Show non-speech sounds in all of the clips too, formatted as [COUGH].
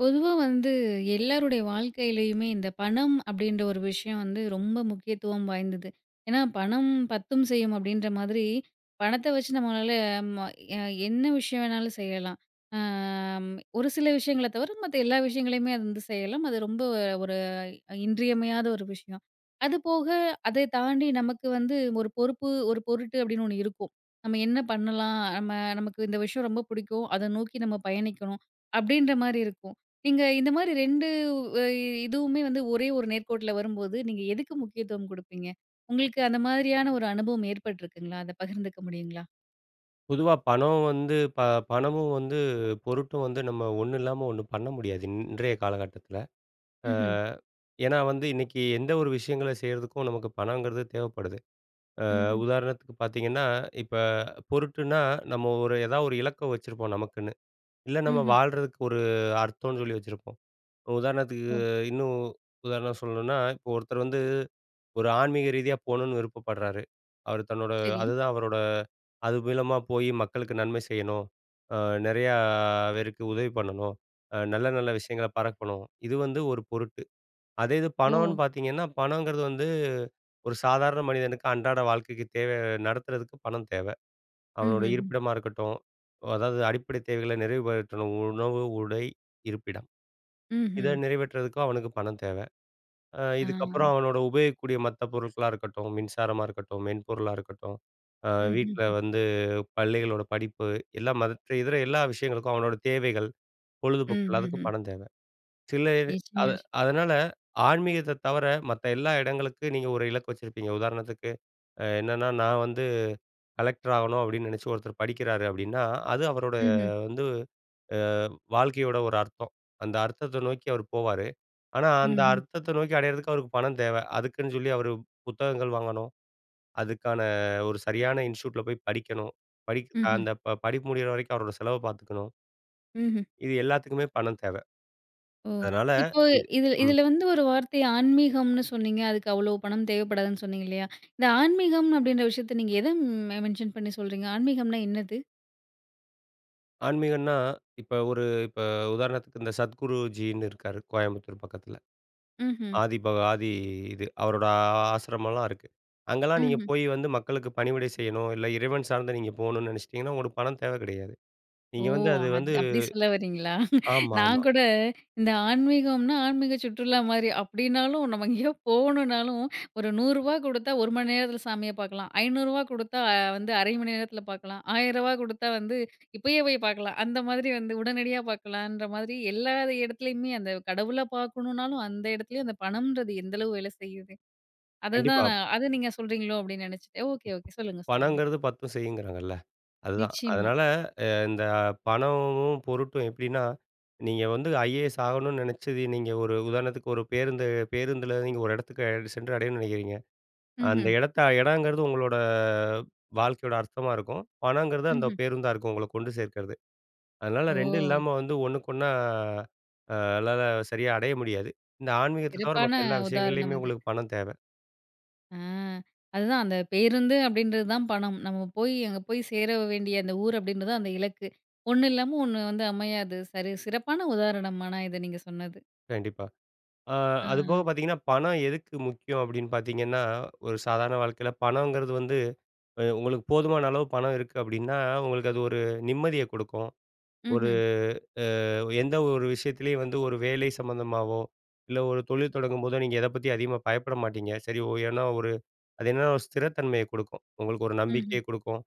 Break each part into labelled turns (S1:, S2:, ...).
S1: பொதுவா வந்து எல்லாருடைய வாழ்க்கையிலேயுமே, இந்த பணம் அப்டின்ற ஒரு விஷயம் வந்து ரொம்ப முக்கியத்துவம் வாய்ந்தது. ஏனா, "பணம் 10ம் செய்யும்" அப்டின்ற மாதிரி பணத்த வச்சு நம்மளால, அமா, என்ன விஷயம் வேணாலும் செய்யலாம். ஆ ஒரு சில விஷயங்கள தவர மத்த எல்லா விஷயங்களையுமே அது வந்து செய்யலாம் அது ரொம்ப ஒரு இன்றியமையாத ஒரு விஷயம். அது போக அதை தாண்டி நமக்கு வந்து ஒரு பொறுப்பு, ஒரு பொருட்டு அப்டின்னு ஒண்ணு இருக்கும். நம்ம என்ன பண்ணலாம்? நம்ம நமக்கு இந்த விஷயம் ரொம்ப புடிக்கும், அத நோக்கி நம்ம பயணிக்கணும், அப்டின்ற மாரி இருக்கும். நீங்க இந்த மாரி 2 அ இதுவுமே வந்து ஒரே ஒரு நேர்கோட்ல வரும்போது, நீங்க எதுக்கு முக்கியத்துவம் குடுப்பீங்க? உங்களுக்கு அந்த மாரியான ஒரு அனுபவம் ஏற்பட்டுருக்குங்களா? அத பகிர்ந்துக்க முடியுங்களா?
S2: பொதுவா பணம் வந்து ப பணமும் வந்து, பொருட்டும் வந்து, நம்ம ஒண்ணு இல்லாம ஒண்ணு பண்ண முடியாது இன்றைய காலகட்டத்தில. ஆ,
S1: ம்ஹ்ம்.
S2: ஏனா வந்து இன்னைக்கு எந்த ஒரு விஷயங்கள செய்றதுக்கும் நமக்கு பணங்கறது தேவைப்படுது. ஆ
S1: ம்ஹ்ம்.
S2: உதாரணத்துக்கு பார்த்தீங்கன்னா, இப்ப பொருட்டுன்னா, நம்ம ஒரு எதா ஒரு இலக்கு வச்சிருப்போம் நமக்குன்னு, இல்ல நம்ம
S1: ம்ஹ்ம்.
S2: வாழ்றதுக்கு ஒரு அர்த்தம்ன்னு சொல்லி வச்சிருப்போம், உதாரணத்துக்கு
S1: ஓ.
S2: இன்னும் உதாரணம் சொல்லணுனா, இப்போ ஒருத்தர் வந்து, ஒரு ஆன்மீக ரீதியா போணுனு விருப்பப்படுறாரு, அவர் தன்னோட
S1: சரி.
S2: அதுதான் அவரோட அது மூலமா போய் மக்களுக்கு நன்மை செய்யணும், ஆ நெறையா பேருக்கு உதவி பண்ணணும், அ நல்ல, நல்ல விஷயங்கள பரக்கணும், இது வந்து ஒரு பொருட்டு. அதே இது பணம்னு
S1: ஓ!
S2: பார்த்தீங்கன்னா, பணங்கறது வந்து ஒரு சாதாரண மனிதனுக்கு அன்றாட வாழ்க்கைக்கு தேவை நடத்துறதுக்கு பணம் தேவ. அவனோட
S1: ம்ஹ்ம்.
S2: இருப்பிடமா இருக்கட்டும், அதாவது அடிப்படை தேவைகள நிறைவுபடுத்தணும் உணவு, உடை, இருப்பிடம், இத
S1: ம்ஹ்ம்.
S2: நிறைவேற்றதுக்கு அவனுக்கு பணம் தேவ. ஆ இதுக்கப்புறம்
S1: ஆ.
S2: அவனோட உபயோகிக்கக்கூடிய மத்த பொருட்களா இருக்கட்டும், மின்சாரமா இருக்கட்டும், மென்பொருளா இருக்கட்டும், ஆ வீட்ல
S1: ம்ஹ்ம்
S2: வந்து பள்ளிகளோட படிப்பு எல்லாம் மத்த இதர எல்லா விஷயங்களுக்கும், அவனோட தேவைகள், பொழுதுபோக்கு எல்லாத்துக்கும்
S1: ம்ஹ்ம்.
S2: பணம் தேவ. சில இது அ
S1: [UNINTELLIGIBLE]
S2: அதனால ஆன்மீகத்த தவர மத்த எல்லா இடங்களுக்கு நீங்க ஒரு இலக்கு வச்சிருப்பீங்க, உதாரணத்துக்கு அ என்னென்னா, நான் வந்து கலெக்டர் ஆகணும் அப்டின்னு நெனைச்சு ஒருத்தர் படிக்கிறாரு அப்டின்னா, அது அவரோட
S1: ம்ஹ்ம்.
S2: வந்து, ஆ வாழ்க்கையோட ஒரு அர்த்தம், அந்த அர்த்தத்த நோக்கி அவர் போவாரு, ஆனா அந்த
S1: ம்ஹ்ம்.
S2: அர்த்தத்த நோக்கி அடையிறதுக்கு அவருக்கு பணம் தேவ, அதுக்குன்னு சொல்லி அவரு புத்தகங்கள் வாங்கணும், அதுக்கான ஒரு சரியான இன்ஸ்டிடியூட்ல போய் படிக்கணும், படிக்க
S1: ம்ஹ்ம்.
S2: அந்த ப படிப்பு முடியிற வரைக்கும் அவரோட செலவ பார்த்துக்கணும்.
S1: ம்ஹ்ம்.
S2: இது எல்லாத்துக்குமே பணம் தேவ.
S1: ஓ,
S2: அதனால
S1: இப்போ
S2: இது
S1: இதில
S2: ம்.
S1: இதில வந்து ஒரு வார்த்தை ஆன்மீகம்னு சொன்னீங்க, அதுக்கு அவ்வளோ பணம் தேவைப்படாதுன்னு சொன்னீங்க இல்லையா? இந்த ஆன்மீகம் அப்படின்ற விஷயத்தை நீங்க எத மெ மென்ஷன் பண்ணி சொல்றீங்க? ஆன்மீகம்னா என்னது?
S2: ஆன்மீகன்னா, இப்ப ஒரு இப்ப உதாரணத்துக்கு இந்த சத்குருஜின்னு இருக்காரு கோயம்புத்தூர் பக்கத்தில,
S1: ம்ஹ்ம்.
S2: ஆதிபக ஆதி இது அவரோட ஆசிரம்மலாம் இருக்கு, அங்கேலாம் நீங்க
S1: ம்ஹ்ம்.
S2: போய் வந்து மக்களுக்கு பணிவிடை செய்யணும், இல்ல இறைவன் சார்ந்த நீங்க போணும்னு நெனைச்சிட்டிங்கன்னா, உங்களுக்கு பணம் தேவ கிடையாது.
S1: ஓ!
S2: நீங்க வந்து அது
S1: அது
S2: வந்து
S1: அப்டி சொல்ல வர்றீங்களா! நான்
S2: ஆமாமா.
S1: கூட இந்த ஆன்மீகம்னா, ஆன்மீக சுற்றுலா மாரி, அப்படினாலும் நம்ம எங்கேயோ போணுனாலும் ஒரு ரூ. 100 கொடுத்தா 1 மணி நேரத்தில சாமிய பார்க்கலாம், ரூ. 500 கொடுத்தா வந்து 1/2 மணி நேரத்தில பார்க்கலாம், ரூ. 1000 கொடுத்தா வந்து இப்பயே போய் பார்க்கலாம், அந்த மாதிரி வந்து உடனடியா பார்க்கலாம்ன்ற மாதிரி, எல்லா எடத்துலயுமே அந்த கடவுள பார்க்கணுனாலும் அந்த இடத்துலேயும் அந்த பணம்ன்றது எந்த அளவு வேலை செய்யுது? அதுதான்
S2: கண்டிப்பா.
S1: நான் அதை நீங்க சொல்றீங்களோ அப்படின்னு நினைச்சேன், ஓகே, ஓகே. சொல்லுங்க, சொல்லுங்க.
S2: பணங்கிறது பத்தும் செய்யுங்கிறாங்கல்ல, அதுதான்.
S1: நிச்சயமா.
S2: அதனால அ இந்த பணமும் பொருட்டும் எப்படின்னா, நீங்க வந்து ஐஏஎஸ் ஆகணும்னு நினைச்சது நீங்க ஒரு உதாரணத்துக்கு ஒரு பேருந்து பேருந்தில நீங்க ஒரு இடத்துக்கு சென்று அடையணும்னு நினைக்கிறீங்க, அந்த
S1: ம்ஹ்ம்.
S2: எடத்த எடங்கிறது உங்களோட வாழ்க்கையோட அர்த்தமா இருக்கும், பணங்கிறது அந்த
S1: ம்ஹ்ம்.
S2: பேருந்தா இருக்கும், உங்கள கொண்டு சேர்க்கிறது, அதனால ரெண்டும்
S1: ஓ!
S2: இல்லாம வந்து ஒன்னுக்கொன்னா ஆ அல்லாத சரியா அடைய முடியாது. இந்த ஆன்மீகத்த தவிர
S1: சிறப்பான
S2: மத்த எல்லா
S1: உதாரணம்
S2: விஷயங்கள்லேயுமே
S1: இது.
S2: உங்களுக்கு பணம் தேவை.
S1: ஆ. அதுதான் அந்த பேருந்து அப்டின்றது தான் பணம். நம்ம போய், அங்க போய் சேர வேண்டிய அந்த ஊர் அப்டின்றது தான் அந்த இலக்கு. "ஒண்ணு இல்லாம ஒண்ணு வந்து அமையாது" சரி சிறப்பான உதாரணமான இத நீங்க சொன்னது.
S2: கண்டிப்பா. ஆ. அது
S1: ஆ.
S2: போக பார்த்தீங்கன்னா, பணம் எதுக்கு முக்கியம்? அப்டின்னு பார்த்தீங்கன்னா, ஒரு சாதாரண வாழ்க்கையில பணங்கறது வந்து அ உங்களுக்கு போதுமான அளவு பணம் இருக்கு அப்டின்னா, உங்களுக்கு அது ஒரு நிம்மதிய குடுக்கும். ஒரு
S1: ம்ஹ்ம்.
S2: அ எந்த ஒரு விஷயத்திலயும் வந்து ஒரு வேலை சம்மந்தமாவோ, இல்ல ஒரு தொழில் தொடங்கும்போதோ, நீங்க எத பத்தி அதிகமா பயப்பட மாட்டீங்க. சரி ஒ ஏன்னா, ஒரு அது என்னன்னா ஒரு ஸ்திரத்தன்மையை குடுக்கும் உங்களுக்கு ஒரு
S1: ம்ஹ்ம்.
S2: நம்பிக்கைய குடுக்கும்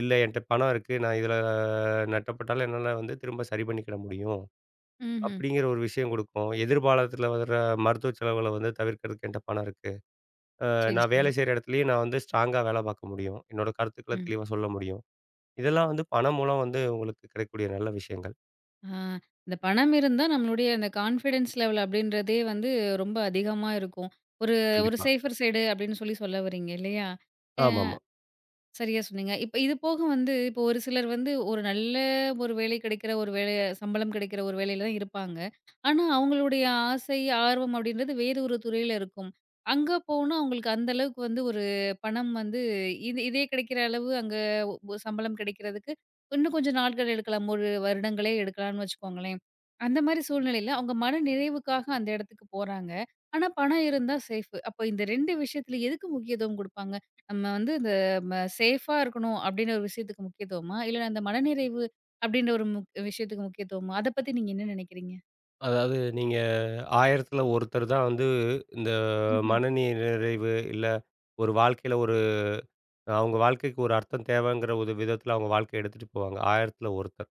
S2: இல்ல என்ட்ட பணம் இருக்கு. நான் இதுல நட்டப்பட்டாலும் என்னால வந்து திரும்ப சரி பண்ணிக்கிட முடியும்.
S1: ம்ஹ்ம்.
S2: அப்டிங்கிற ஒரு விஷயம் குடுக்கும் எதிர்பாலத்தில வர மருத்துவ செலவு வந்து தவிர்க்கிறதுக்கு என்ட்ட பணம் இருக்கு. ஆ
S1: சரி,
S2: நான் வேலை
S1: சரி.
S2: செய்ற இடத்துலேயும் நான் வந்து ஸ்ட்ராங்கா வேல பார்க்க முடியும். என்னோட கருத்துக்கள
S1: ம்.
S2: தெளிவா சொல்ல முடியும். இதெல்லாம் வந்து பணம் மூலம் வந்து உங்களுக்கு கிடைக்கக் கூடிய நல்ல விஷயங்கள்.
S1: ஆ. இந்த பணம் இருந்தா நம்மளுடைய அந்த கான்ஃபிடன்ஸ் லெவல் அப்டின்றதே வந்து ரொம்ப அதிகமா இருக்கும். ஒரு, ஒரு
S2: கண்டிப்பா.
S1: சேஃபர் சைடு அப்டின்னு சொல்லி சொல்ல வர்றீங்க இல்லையா? ஆ
S2: ஆமாமா.
S1: சரியா சொன்னீங்க. இப்ப இது போக வந்து, இப்போ ஒரு சிலர் வந்து ஒரு நல்ல ஒரு வேலை கிடைக்கிற ஒரு வேல சம்பளம் கிடைக்கிற ஒரு வேலையில் தான் இருப்பாங்க. ஆனா அவங்களுடைய ஆசை, ஆர்வம் அப்டின்றது வேறு ஒரு துறையில இருக்கும். அங்க போனா, அவங்களுக்கு அந்த அளவுக்கு வந்து ஒரு பணம் வந்து, இது இதே கிடைக்கிற அளவு அங்க ஒ சம்பளம் கிடைக்கிறதுக்கு இன்னும் கொஞ்சம் நாள்கள் எடுக்கலாம் 1 வருடங்களே எடுக்கலான்னு வச்சுக்கோங்களேன். அந்த மாரி சூழ்நிலையில அவங்க மனநிறைவுக்காக அந்த இடத்துக்கு போறாங்க. ஆனா பணம் இருந்தா சேஃப், அப்ப இந்த 2 விஷயத்துல எதுக்கு முக்கியத்துவம் குடுப்பாங்க? நம்ம வந்து இந்த ம சேஃப்பா இருக்கணும் அப்டின்னு ஒரு விஷயத்துக்கு முக்கியத்துவமா? இல்லன்னா இந்த மனநிறைவு அப்டின்ற ஒரு மு விஷயத்துக்கு முக்கியத்துவமா? அத பத்தி நீங்க என்ன நெனைக்கிறீங்க?
S2: அதாவது நீங்க ஆயிரத்தில ஒருத்தர் தான் வந்து இந்த
S1: ம்ஹ்ம்.
S2: மன நிறைவு இல்ல, ஒரு வாழ்க்கையில ஒரு அவங்க வாழ்க்கைக்கு ஒரு அர்த்தம் தேவைங்குற ஒரு விதத்தில அவங்க வாழ்க்கைய எடுத்துட்டு போவாங்க. ஆயிரத்தில ஒருத்தர்.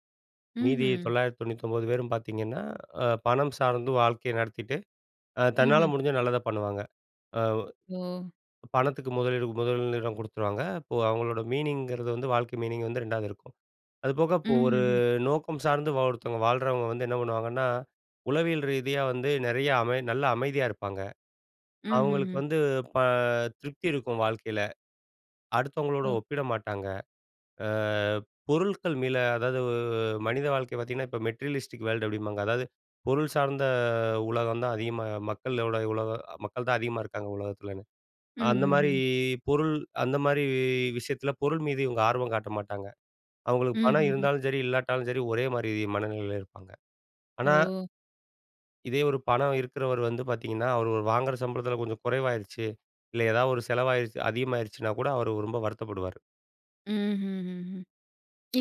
S2: மீதி
S1: ம்ஹ்ம்.
S2: 999 பேரும் பார்த்தீங்கன்னா, அ பணம் சார்ந்து வாழ்க்கைய நடத்திட்டு, ஆ தன்னால
S1: ம்ஹ்ம்.
S2: முடிஞ்சா நல்லதா பண்ணுவாங்க. ஆ
S1: ஓ!
S2: பணத்துக்கு முதலீடு முதலிடம் குடுத்துருவாங்க. அப்போ அவங்களோட மீனிங்கிறது வந்து, வாழ்க்கை மீனிங் வந்து 2வது இருக்கும். அது போக இப்போ ஒரு
S1: ம்ஹ்ஹ்ம்.
S2: நோக்கம் சார்ந்து ஒருத்தவங்க வாழ்றவங்க வந்து என்ன பண்ணுவாங்கன்னா, உளவியல் ரீதியா வந்து நெறைய அமை நல்ல அமைதியா இருப்பாங்க. அவங்களுக்கு
S1: ம்ஹ்ஹ்ம்.
S2: வந்து ப திருப்தி இருக்கும் வாழ்க்கையில அடுத்தவங்களோட
S1: ஓ!
S2: ஒப்பிட மாட்டாங்க. ஆ பொருட்கள் மேல அதாவது மனித வாழ்க்கை பார்த்தீங்கன்னா, இப்ப மெட்டீரியலிஸ்டிக் வேர்ல்டு அப்டிம்பாங்க அதாவது பொருள் சார்ந்த உலகம் தான் அதிகமா மக்களோட உலக மக்கள்தான் அதிகமா இருக்காங்க உலகத்துலன்னு. அந்த மாரி
S1: ம்ஹ்ஹ்ம்.
S2: பொருள் அந்த மாரி விஷயத்தில பொருள் மீது இவங்க ஆர்வம் காட்ட மாட்டாங்க. அவங்களுக்கு பணம்
S1: ம்ஹ்ஹ்ம்.
S2: இருந்தாலும் சரி, இல்லாட்டாலும் சரி, ஒரே மாரி மனநிலையில இருப்பாங்க. ஆனா
S1: ஓ!
S2: இதே ஒரு பணம் இருக்கிறவர் வந்து பார்த்தீங்கன்னா, அவர் வாங்குற சம்பளத்தில கொஞ்சம் குறைவாயிருச்சு, இல்ல ஏதா ஒரு செலவாயிடுச்சு, அதிகமாயிருச்சுனா கூட அவரு ரொம்ப வருத்தப்படுவாரு.
S1: ம்ஹ்ஹ்ம்.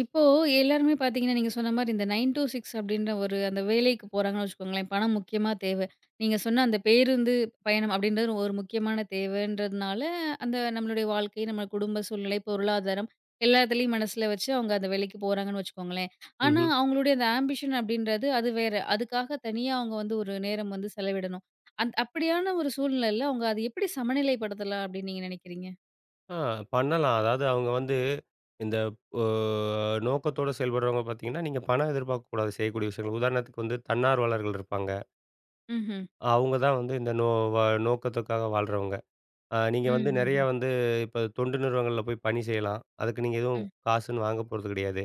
S1: இப்போ, எல்லாருமே பார்த்தீங்கன்னா, நீங்க சொன்ன மாரி இந்த 9-6 அப்டின்ற ஒரு அந்த வேலைக்கு போறாங்கன்னு வச்சுக்கோங்களேன். பணம் முக்கியமா தேவ. நீங்க சொன்ன அந்த பேருந்து, பயணம் அப்டின்றது ஒரு முக்கியமான தேவன்றதுனால, அந்த நம்மளுடைய வாழ்க்கை, நம்ம குடும்ப சூழ்நிலை, பொருளாதாரம், எல்லாத்துலையும் மனசுல வச்சு அவங்க அந்த வேலைக்கு போறாங்கன்னு வச்சுக்கோங்களேன். ஆனா,
S2: ம்ஹ்ம்.
S1: அவங்களுடைய அந்த ஆம்பிஷன் அப்டின்றது அது வேற, அதுக்காக தனியா அவங்க வந்து ஒரு நேரம் வந்து செலவிடணும். அந் அப்டியான ஒரு சூழ்நிலைல அவங்க அத எப்டி சமநிலைப்படுத்தலாம் அப்டின்னு நீங்க நெனைக்கிறீங்க?
S2: அ, பண்ணலாம். அதாவது அவங்க வந்து, இந்த ஓ, நோக்கத்தோட செயல்படுறவங்க பார்த்தீங்கன்னா, நீங்க பணம் எதிர்பார்க்கக்கூடாது செய்யக்கூடிய விஷயங்கள். உதாரணத்துக்கு வந்து தன்னார்வலர்கள் இருப்பாங்க.
S1: ம்ஹ்ம்.
S2: அவங்க தான் வந்து இந்த நோ வ நோக்கத்துக்காக வாழ்றவங்க. அ நீங்க வந்து
S1: ம்ஹ்ஹ்ம்.
S2: நெறையா வந்து இப்ப தொண்டு நிறுவனங்கள்ல போய் பணி செய்யலாம். அதுக்கு நீங்க எதுவும்
S1: ம்.
S2: காசுன்னு வாங்க போறது கிடையாது.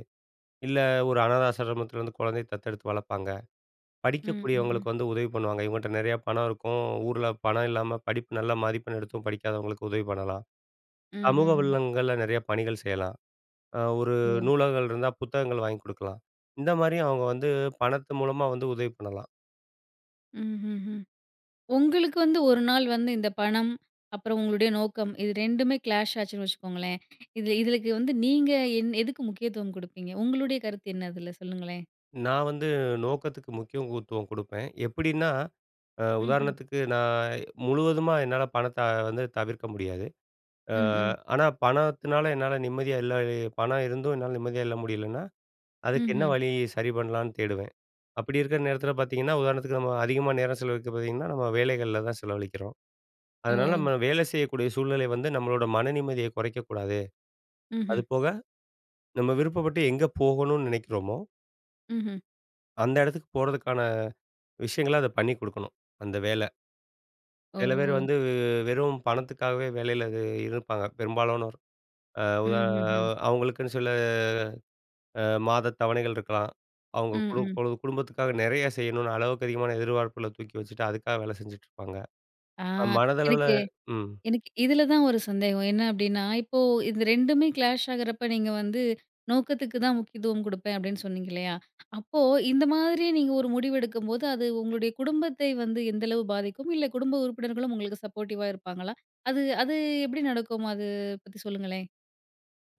S2: இல்ல ஒரு அனாத ஆசிரமத்தில வந்து குழந்தைய தத்தெடுத்து வளர்ப்பாங்க,
S1: ம், ம்ஹ்ம்.
S2: படிக்கக்கூடியவங்களுக்கு வந்து உதவி பண்ணுவாங்க இவங்ககிட்ட நெறைய பணம் இருக்கும். ஊருல பணம் இல்லாம படிப்பு நல்ல மதிப்பெண் எடுத்தும் படிக்காதவங்களுக்கு உதவி பண்ணலாம், சமூக
S1: ம்ஹ்ஹ்ம்.
S2: வல்லங்கள்ல நெறைய பணிகள் செய்யலாம், அ ஒரு
S1: ஓ!
S2: நூலகங்கள் இருந்தா, புத்தகங்கள் வாங்கிக் குடுக்கலாம். இந்த மாரி அவங்க வந்து பணத்து மூலமா வந்து உதவி பண்ணலாம்!
S1: ம்ஹ்ஹ்ம். உங்களுக்கு வந்து 1 நாள் வந்து இந்த பணம், அப்புறம் உங்களுடைய நோக்கம் இது 2டுமே கிளாஷ் ஆச்சுன்னு வச்சுக்கோங்களேன். இதில இதுக்கு வந்து, நீங்க எ எதுக்கு முக்கியத்துவம் குடுப்பீங்க? உங்களுடைய கருத்து என்ன? அதில சொல்லுங்களேன்.
S2: நான் வந்து நோக்கத்துக்கு முக்கியத்துவம் குடுப்பேன் எப்டின்னா, அ
S1: ம்ஹ்ம்.
S2: உதாரணத்துக்கு நான் முழுவதுமா என்னால பணத்த வந்து தவிர்க்க முடியாது. ஆ
S1: ம், ம்.
S2: ஆனா, பணத்தினால என்னால நிம்மதியா இல்ல, பணம் இருந்தும் என்னால நிம்மதியா இல்ல முடியலன்னா, அதுக்கு என்ன
S1: ம்ஹ்ம்.
S2: வழி? சரி பண்ணலான்னு தேடுவேன். அப்டி இருக்க நேரத்தில பார்த்தீங்கன்னா, உதாரணத்துக்கு நம்ம அதிகமா நேரம் செலவழிக்க பார்த்தீங்கன்னா, நம்ம வேலைகள்ல தான் செலவழிக்கிறோம். அதனால
S1: ஓ!
S2: நம்ம வேலை செய்யக்கூடிய சூழ்நிலை வந்து, நம்மளோட மன நிம்மதிய குறைக்க கூடாது.
S1: ம்ஹ்ம்.
S2: அதுபோக நம்ம விருப்பப்பட்டு எங்க போகணுனு நெனைக்கிறோமோ
S1: ம்ஹ்ம்.
S2: அந்த இடத்துக்கு போறதுக்கான விஷயங்கள அத பண்ணி குடுக்கணும். அந்த வேல சில பேர்
S1: ஓ!
S2: வந்து வெறும் பணத்துக்காவே வேலையில இருப்பாங்க பெரும்பாலானோர். ஆ உத
S1: ம்ஹ்ஹ்ம்.
S2: அவங்களுக்குன்னு சில ஆ மாத தவணைகள் இருக்கலாம். அவங்க
S1: ம்,
S2: குடும்
S1: ம்.
S2: குடும் குடும்பத்துக்காக நெறைய செய்யணுனு அளவுக்கு அதிகமான எதிர்பார்ப்புல தூக்கி வச்சுட்டு அதுக்காக வேலை செஞ்சுட்ருப்பாங்க.
S1: ஆ
S2: மனதளவுல
S1: எனக்கு
S2: ம்.
S1: எனக்கு இதில தான் ஒரு சந்தேகம். என்ன அப்டின்னா, இப்போ இந்த 2டுமே கிளாஷ் ஆகுறப்ப நீங்க வந்து நோக்கத்துக்கு தான் முக்கியத்துவம் குடுப்பேன் அப்டின்னு சொன்னீங்க இல்லையா? அப்போ இந்த மாதிரி நீங்க ஒரு முடிவு எடுக்கும்போது, அது உங்களுடைய குடும்பத்தை வந்து எந்தளவு பாதிக்கும்? இல்ல குடும்ப உறுப்பினர்களும், உங்களுக்கு சப்போர்டிவா இருப்பாங்களா? அது அது எப்டி நடக்கும்? அது பத்தி சொல்லுங்களேன்.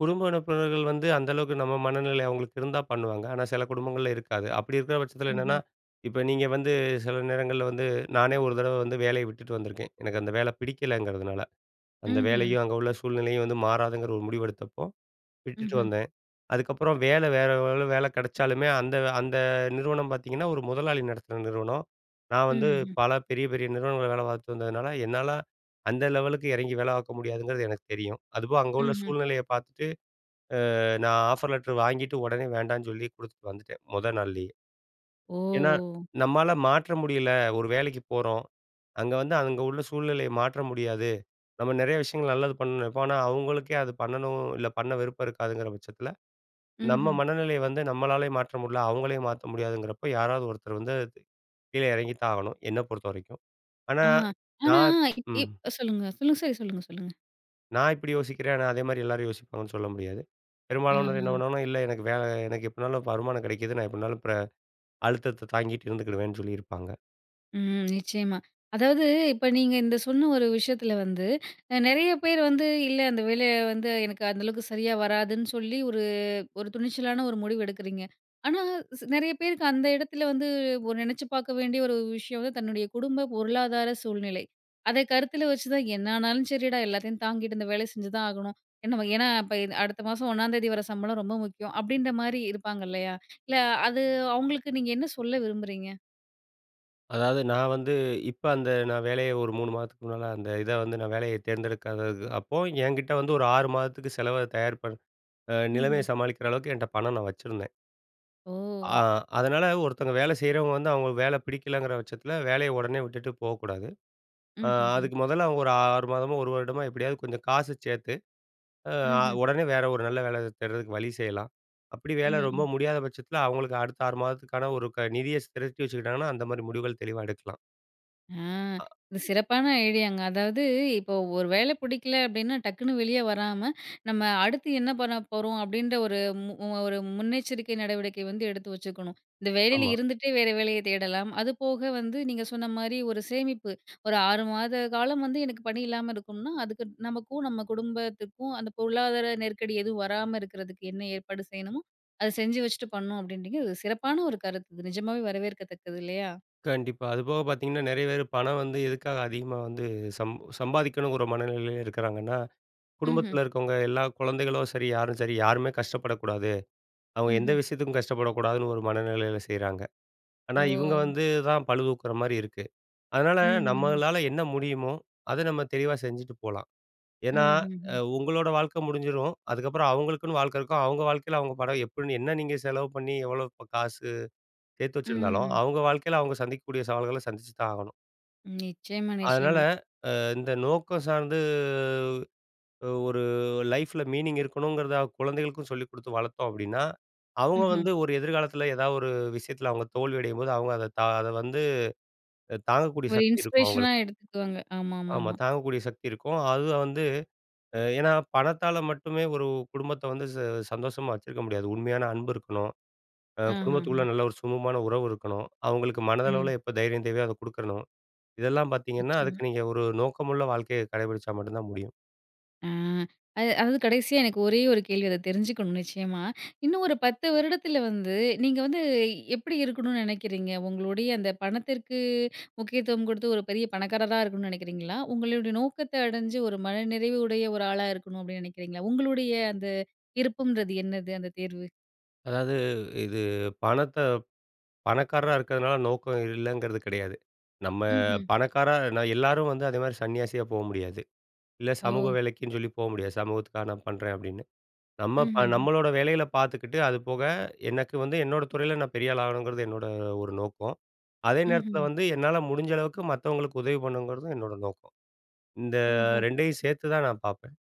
S2: குடும்ப உறுப்பினர்கள் வந்து அந்த அளவுக்கு நம்ம மனநிலை அவங்களுக்கு இருந்தா பண்ணுவாங்க. ஆனா சில குடும்பங்கள்ல இருக்காது. அப்படி இருக்கற பட்சத்தில என்னன்னா,
S1: ம்ஹ்ம்.
S2: இப்ப நீங்க வந்து சில நேரங்கள்ல வந்து நானே ஒரு தடவ வந்து வேலைய விட்டுட்டு வந்துருக்கேன், எனக்கு அந்த வேல பிடிக்கலைங்கிறதுனால. அந்த
S1: ம்ஹ்ம்.
S2: வேலையும், அங்க உள்ள சூழ்நிலையும் வந்து மாறாதுங்கிற ஒரு முடிவு எடுத்தப்போ, விட்டுட்டு
S1: ம்ஹ்ம்.
S2: வந்தேன். அதுக்கப்புறம் வேல வேற எவ்வளோ வேலை கிடைச்சாலுமே அந்த அந்த நிறுவனம் பார்த்தீங்கன்னா, ஒரு முதலாளி நடத்துன நிறுவனம். நான்
S1: ம்.
S2: வந்து
S1: ம்ஹ்ம்.
S2: பல பெரிய பெரிய நிறுவனங்கள் வேல பார்த்து வந்ததுனால, என்னால அந்த லெவலுக்கு இறங்கி வேல பார்க்க முடியாதுங்கிறது எனக்கு தெரியும். அதுவும் அங்க உள்ள
S1: ம்ஹ்ம்.
S2: சூழ்நிலைய பார்த்துட்டு, அ நான் ஆஃபர் லெட்டர் வாங்கிட்டு, உடனே வேண்டான்னு சொல்லி குடுத்துட்டு வந்துட்டேன், முதல் நாள்லேயே. ஏனா,
S1: ஓ!
S2: நம்மால மாற்ற முடியல ஒரு வேலைக்கு போறோம். அங்க வந்து அங்க உள்ள சூழ்நிலையை மாற்ற முடியாது. நம்ம நெறைய விஷயங்கள் நல்லது பண்ண நெனப்போம். ஆனா, அவங்களுக்கே அது பண்ணணும், இல்ல பண்ண விருப்பம் இருக்காதுங்கிற பட்சத்தில, நம்ம
S1: ம்ஹ்ம்.
S2: மனநிலையை வந்து நம்மளாலயே மாற்ற முடில. அவங்களையும் மாத்த முடியாதுங்கிறப்ப, யாராவது ஒருத்தர் வந்து கீழே இறங்கி தான் ஆகணும், என்னை பொறுத்தவரைக்கும். ஆனா
S1: ஆ. ஆனா
S2: நான்
S1: இ
S2: ம்.
S1: சொல்லுங்க, சொல்லுங்க, சரி. சொல்லுங்க, சொல்லுங்க.
S2: நான் இப்படி யோசிக்கிறேன். ஆனா, அதே மாரி எல்லாரும் யோசிப்பாங்கன்னு சொல்ல முடியாது. பெரும்பாலானோர் என்ன
S1: ஆஹ!
S2: பண்ணுவாங்கன்னா, இல்ல எனக்கு வேல எனக்கு எப்படினாலும் வருமானம் கிடைக்குது, நான் எப்படினாலும் பிற அழுத்தத்த தாங்கிட்டு இருந்துக்கிடுவேன்னு சொல்லியிருப்பாங்க.
S1: ம் நிச்சயமா. அதாவது இப்ப நீங்க இந்த சொன்ன ஒரு விஷயத்தில வந்து, அ நெறைய பேர் வந்து இல்ல, அந்த வேலைய வந்து எனக்கு அந்த அளவுக்கு சரியா வராதுன்னு சொல்லி, ஒரு ஒரு துணிச்சலான ஒரு முடிவு எடுக்குறீங்க. ஆனா சி நெறைய பேருக்கு அந்த இடத்தில வந்து ஒரு நெனைச்சு பாக்க வேண்டிய ஒரு விஷயம் வந்து, தன்னுடைய குடும்ப பொருளாதார சூழ்நிலை. அதை கருத்தில வச்சு தான் "என்னானாலும் சரிடா, எல்லாத்தையும் தாங்கிட்டு இந்த வேலை செஞ்சுதான் ஆகணும்" என்ன வகை ஏன்னா, இப்ப இது அடுத்த மாசம் 1 தேதி வர சம்பளம் ரொம்ப முக்கியம். அப்டின்ற மாரி இருப்பாங்க இல்லையா? இல்ல அது அவுங்களுக்கு நீங்க என்ன சொல்ல விரும்புறீங்க?
S2: அதாவது நான் வந்து, இப்ப அந்த நான் வேலைய ஒரு 3 மாதத்துக்கு முன்னால, அந்த இத வந்து நான் வேலைய தேர்ந்தெடுக்காதது அப்போ என்கிட்ட வந்து ஒரு 6 மாதத்துக்கு செலவ தயார் பண் ஆ நிலைமைய
S1: ம்ஹ்ம்.
S2: சமாளிக்கிற அளவுக்கு, என்ட்ட பணம் நான் வச்சிருந்தேன். ஆ
S1: ஓ!
S2: அதனால, ஒருத்தவங்க வேலை செய்றவங்க வந்து அவுங்க வேலை பிடிக்கலங்கிற பட்சத்தில, வேலைய உடனே விட்டுட்டு போகக்கூடாது.
S1: ம்
S2: ஆ
S1: ஹ்ம் ஹ்ம்.
S2: அதுக்கு மொதல்ல, அவுங்க ஒரு 6 மாதமோ, 1 வருடமோ, எப்படியாவது கொஞ்சம் காச சேத்து, ஆ அ
S1: ம்ஹ்ம்.
S2: உடனே வேற ஒரு நல்ல வேல தேடுறதுக்கு வழி செய்யலாம். அப்புடி
S1: ம்
S2: வேல ரொம்ப
S1: ம்.
S2: முடியாத பட்சத்தில, அவுங்களுக்கு அடுத்த 6 மாதத்துக்கான ஒரு க நிதிய ஸ் திரட்டி வச்சுக்கிட்டாங்கன்னா, அந்த மாரி முடிவுகள் தெளிவா எடுக்கலாம்.
S1: ஆ!
S2: அ.
S1: இது சிறப்பான ஐடியாங்க, அதாவது இப்போ ஒரு வேலை பிடிக்கல அப்படின்னா, டக்குனு வெளியே வராம, நம்ம அடுத்து என்ன பண்ண போறோம்? அப்படின்ற ஒரு மு ஒரு முன்னெச்சரிக்கை நடவடிக்கை வந்து எடுத்து வச்சுக்கணும். இந்த வேலையில
S2: ஆமா.
S1: இருந்துட்டே, வேற வேலையை தேடலாம். அது போக வந்து, நீங்க சொன்ன மாரி ஒரு சேமிப்பு ஒரு ஆறு மாத காலம் வந்து எனக்கு பணி இல்லாம இருக்கும்னா, அதுக்கு நமக்கும், நம்ம குடும்பத்துக்கும் அந்த பொருளாதார நெருக்கடி எதுவும் வராம இருக்கிறதுக்கு என்ன ஏற்பாடு செய்யணுமோ, அத செஞ்சு வச்சுட்டு பண்ணணும், அப்படீன்றிங்க, அது ஒ சிறப்பான ஒரு கருத்து, இது நிஜமாவே வரவேற்கத்தக்கது இல்லையா?
S2: கண்டிப்பா, அதுபோக பாத்தீங்கன்னா, நெறைய பேரு பணம் வந்து எதுக்காக அதிகமா வந்து சம் சம்பாதிக்கணுங்கிற மனநிலையில இருக்கிறாங்கன்னா,
S1: ம்ஹ்ம்.
S2: குடும்பத்தில இருக்கவங்க, எல்லா கொழந்தைகளும் சரி, யாரும் சரி, யாருமே கஷ்டப்படக்கூடாது. அவுங்க எந்த
S1: ம்ஹ்ம்.
S2: விஷயத்துக்கும் கஷ்டப்படக்கூடாதுன்னு ஒரு மனநிலையில செய்றாங்க. ஆனா இவுங்க
S1: ஓ!
S2: வந்து தான் பழுதூக்குற மாரி இருக்கு. அதனால,
S1: ம். ம்ஹம்.
S2: நம்மளால என்ன முடியுமோ! அத நம்ம தெளிவா செஞ்சுட்டு போலாம்.
S1: ம்.
S2: ஏன்னா, அ
S1: ம்ஹ்ம்.
S2: உங்களோட வாழ்க்கை முடிஞ்சிரும். அதுக்கப்புறம் அவுங்களுக்குன்னு வாழ்க்கை இருக்கும், அவுங்க வாழ்க்கையில அவுங்க படம் எப்படின்னு என்ன நீங்க செலவு பண்ணி, எவ்வளோ காசு சேர்த்து வச்சிருந்தாலும்,
S1: ம்ஹ்ம்.
S2: அவுங்க வாழ்க்கைல அவுங்க சந்திக்க கூடிய சவால்கள, சந்திச்சு தான் ஆகணும்.
S1: நிச்சயமா,
S2: அதனால
S1: நிச்சயமா.
S2: அ இந்த நோக்கம் சார்ந்து, ஒரு லைஃப்ல மீனிங் இருக்கணுங்கறத அ குழந்தைகளுக்கும் சொல்லிக் குடுத்து வளர்த்தோம் அப்படீன்னா, அவங்க
S1: ம்ஹ்ம்.
S2: வந்து ஒரு எதிர்காலத்தில ஏதாவது ஒரு விஷயத்தில அவங்க தோல்வியடையும்போது, அவங்க அத தான் அத வந்து அ தாங்கக்கூடிய
S1: ஒரு
S2: சக்தி இருக்கும் அவங்களுக்கு.
S1: இன்ஸ்பிரேஷனா எடுத்துக்குவாங்க. ஆமா, ஆமா,
S2: ஆமா,
S1: ஆமா.
S2: தாங்கக்கூடிய சக்தி இருக்கும். அதுவும் வந்து ஏன்னா, பணத்தால மட்டுமே ஒரு குடும்பத்த வந்து ச சந்தோஷமா வச்சிருக்க முடியாது. உண்மையான அன்பு இருக்கணும், அ குடும்பத்துக்குள்ள
S1: ஆஹாஹ.
S2: நல்ல ஒரு சுமூகமான உறவு இருக்கணும், அவங்களுக்கு
S1: ம்.
S2: மனதளவுல எப்ப தைரியம் தேவையோ அதை குடுக்கணும். இதெல்லாம் பார்த்தீங்கன்னா,
S1: நிச்சயமா.
S2: அதுக்கு நீங்க ஒரு நோக்கமுள்ள வாழ்க்கைய கடைபுடிச்சா மட்டும் தான் முடியும்.
S1: ஆ அது அதாவது கடைசியா, எனக்கு ஒரே ஒரு கேள்வி அத தெரிஞ்சுக்கணும் நிச்சயமா. இன்னும் ஒரு 10 வருடத்தில வந்து நீங்க வந்து எப்படி இருக்கணும்ன்னு நெனைக்கிறீங்க? உங்களுடைய அந்த பணத்திற்கு முக்கியத்துவம் குடுத்து, ஒரு பெரிய பணக்காரரா இருக்கணும்னு நெனைக்கிறீங்களா? "உங்களோட நோக்கத்த அடைஞ்சு ஒரு மனநிறைவு உடைய ஒரு ஆளா இருக்கணும்." அப்படீன்னு நெனைக்கிறீங்களா? உங்களுடைய அந்த விருப்பம்ன்றது என்னது, அந்த தேர்வு?
S2: அதாவது இது பணத்த பணக்காரரா இருக்கிறதுனால நோக்கம் இல்லங்கிறது கெடையாது. நம்ம
S1: ம்ஹ்ம்.
S2: பணக்காரர் நா எல்லாரும் வந்து அதேமாரி சன்னியாசியா போ முடியாது. இல்ல சமூக
S1: ஓ!
S2: வேலைக்குன்னு சொல்லி போக முடியாது. "சமூகத்துக்காக நான் பண்றேன்." அப்படீன்னு. நம்ம ப
S1: ம்ஹ்ஹ்ம்.
S2: நம்மளோட வேலைகள பார்த்துக்கிட்டு, அது போக எனக்கு வந்து என்னோட துறையில நான் பெரியாள் ஆகணும்ங்கிறது என்னோட ஒரு நோக்கம். அதே நேரத்தில
S1: ம்ஹ்ம்.
S2: வந்து, என்னால முடிஞ்ச அளவுக்கு மத்தவங்களுக்கு உதவி பண்ணணுங்கிறதும் என்னோட நோக்கம். இந்த
S1: ஓஹோ!
S2: 2ஐயும் சேர்த்து தான் நான் பார்ப்பேன்.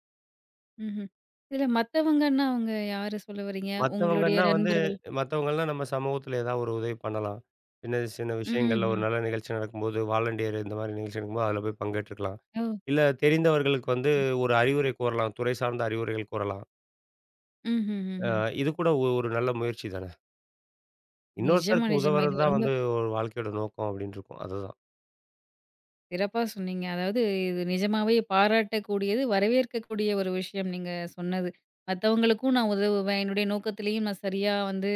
S1: ம்ஹ்ம். இதுல மத்தவங்கன்னா, அவங்க யார சொல்ல வர்றீங்க? உங்களுடைய
S2: மத்தவங்கன்னா வந்து,
S1: நண்பர்கள்.
S2: மத்தவங்கல்லாம் நம்ம சமூகத்தில ஏதாவது ஒரு உதவி பண்ணலாம். சின்ன, சின்ன விஷயங்கள்ல ஒரு
S1: ம்ஹ்ம்.
S2: நல்ல நிகழ்ச்சி நடக்கும் போது வாலண்டியர் இந்த மாரி நிகழ்ச்சி நடக்கும்போது, அதுல போய் பங்கேற்றுக்கலாம்.
S1: ஓ!
S2: இல்ல தெரிந்தவர்களுக்கு வந்து
S1: ம்.
S2: ஒரு அறிவுரை கூறலாம். துறை சார்ந்த அறிவுரைகள் கூறலாம். அ
S1: ம்ஹ்ஹ்ஹ்ம்.
S2: இது கூட ஒ ஒரு நல்ல முயற்சி தான.
S1: நிஜமா,
S2: "இன்னொருத்தருக்கு
S1: நிஜமா.
S2: உதவுறது
S1: இது
S2: தான்
S1: ரொம்ப
S2: வந்து ஒரு வாழ்க்கையோட நோக்கம்." அப்படீன்ருக்கும் அதுதான்.
S1: சிறப்பா சொன்னீங்க. அதாவது இது நிஜமாவே பாராட்டக்கூடியது, வரவேற்கக்கூடிய ஒரு விஷயம் நீங்க சொன்னது. மத்தவங்களுக்கும் நான் உதவுவேன், என்னுடைய நோக்கத்திலேயும் நான் சரியா வந்து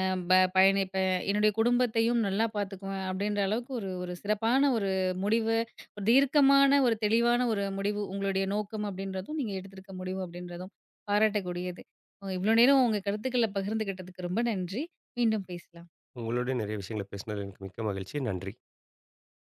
S1: அ ப பயணிப்பேன். என்னுடைய குடும்பத்தையும் நல்லா பார்த்துக்குவேன்." அப்படீன்ற அளவுக்கு ஒரு, ஒரு சிறப்பான ஒரு முடிவு, ஒரு தீர்க்கமான ஒரு தெளிவான ஒரு முடிவு உங்களுடைய நோக்கம் அப்படீன்றதும், நீங்க எடுத்திருக்க முடிவு அப்படீன்றதும் பாராட்டக்கூடியது. அ இவ்வளோ நேரம் உங்க கருத்துக்கள பகிர்ந்துகிட்டதுக்கு ரொம்ப நன்றி. மீண்டும் பேசலாம்.
S2: உங்களோடையும் நெறைய விஷயங்கள பேசனது, எனக்கு மிக்க மகிழ்ச்சி. நன்றி.